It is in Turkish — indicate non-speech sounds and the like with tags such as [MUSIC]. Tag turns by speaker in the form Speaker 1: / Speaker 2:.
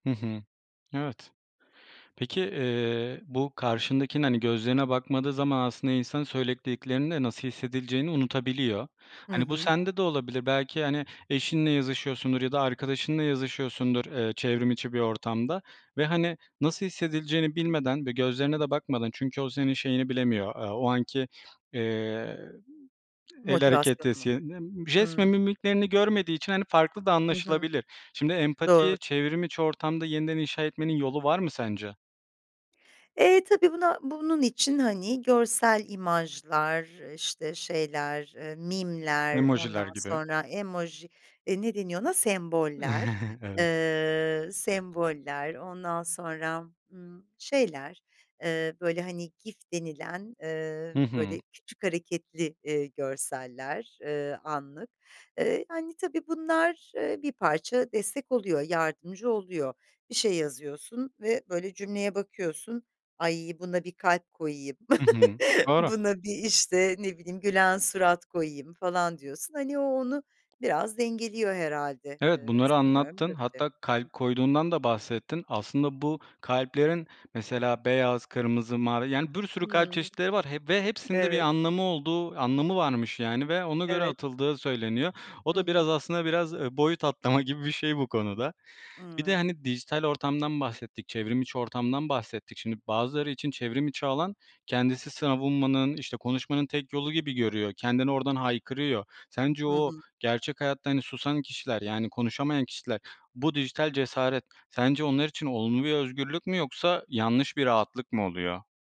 Speaker 1: Hı hı. Evet. Peki, eee, bu karşındakinin, hani, gözlerine bakmadığı zaman aslında insan söylediklerinde nasıl hissedileceğini unutabiliyor.
Speaker 2: Hı
Speaker 1: Hani, bu
Speaker 2: hı.
Speaker 1: sende de olabilir. Belki, hani, eşinle yazışıyorsundur ya da arkadaşınla yazışıyorsundur, eee, çevrim içi bir ortamda ve, hani, nasıl hissedileceğini bilmeden ve gözlerine de bakmadan çünkü o senin şeyini bilemiyor, eee, o anki, eee, el
Speaker 2: Motivasyonu
Speaker 1: hareketi
Speaker 2: mu?
Speaker 1: [UNINTELLIGIBLE] jest ve
Speaker 2: Hımm.
Speaker 1: mimiklerini görmediği için hani farklı da
Speaker 2: Hı hı.
Speaker 1: anlaşılabilir. Şimdi
Speaker 2: Doğru.
Speaker 1: empatiyi çevrim içi ortamda yeniden inşa etmenin yolu var mı sence?
Speaker 2: Eee, tabii buna, bunun için, hani, görsel imajlar, işte, şeyler, eee, meme'ler,
Speaker 1: Emojiler
Speaker 2: ondan
Speaker 1: gibi.
Speaker 2: sonra emoji, eee, ne deniyor ona, semboller,
Speaker 1: [CHUCKLES] Evet.
Speaker 2: eee, semboller, ondan sonra, ımm, şeyler, eee, böyle, hani, GIF denilen, eee,
Speaker 1: Hı hı.
Speaker 2: böyle küçük hareketli, eee, görseller, eee, anlık. Eee, yani, tabii bunlar, eee, bir parça destek oluyor, yardımcı oluyor. Bir şey yazıyorsun ve, böyle, cümleye bakıyorsun, "Ay, buna bir kalp koyayım,
Speaker 1: Hı hı.
Speaker 2: [CHUCKLES]
Speaker 1: Doğru.
Speaker 2: buna bir, işte, ne bileyim, gülen surat koyayım." falan diyorsun. Hani o, onu biraz dengeliyor herhâlde,
Speaker 1: Evet,
Speaker 2: eee,
Speaker 1: bunları
Speaker 2: sanıyorum
Speaker 1: anlattın.
Speaker 2: böyle bir şey.
Speaker 1: Hatta
Speaker 2: Hı
Speaker 1: kalp
Speaker 2: hı.
Speaker 1: koyduğundan da bahsettin. Aslında bu kalplerin, mesela, beyaz, kırmızı, mavi, yani, bir sürü kalp
Speaker 2: Hımm.
Speaker 1: çeşitleri var, he ve hepsinde bir
Speaker 2: Evet.
Speaker 1: anlamı olduğu, anlamı varmış, yani, ve ona göre
Speaker 2: Evet.
Speaker 1: atıldığı söyleniyor. O
Speaker 2: Hı
Speaker 1: da biraz,
Speaker 2: hı.
Speaker 1: aslında biraz boyut atlama gibi bir şey bu konuda. Bir de,
Speaker 2: Evet.
Speaker 1: hani, dijital ortamdan bahsettik, çevrim içi ortamdan bahsettik. Şimdi bazıları için çevrim içi alan kendisi savunmanın, işte, konuşmanın tek yolu gibi görüyor. Kendini oradan haykırıyor. Sence
Speaker 2: Hı
Speaker 1: o
Speaker 2: hı.
Speaker 1: gerçek hayatta, hani, susan kişiler, yani, konuşamayan kişiler, bu dijital cesaret sence onlar için olumlu bir özgürlük mü, yoksa yanlış bir rahatlık mı oluyor?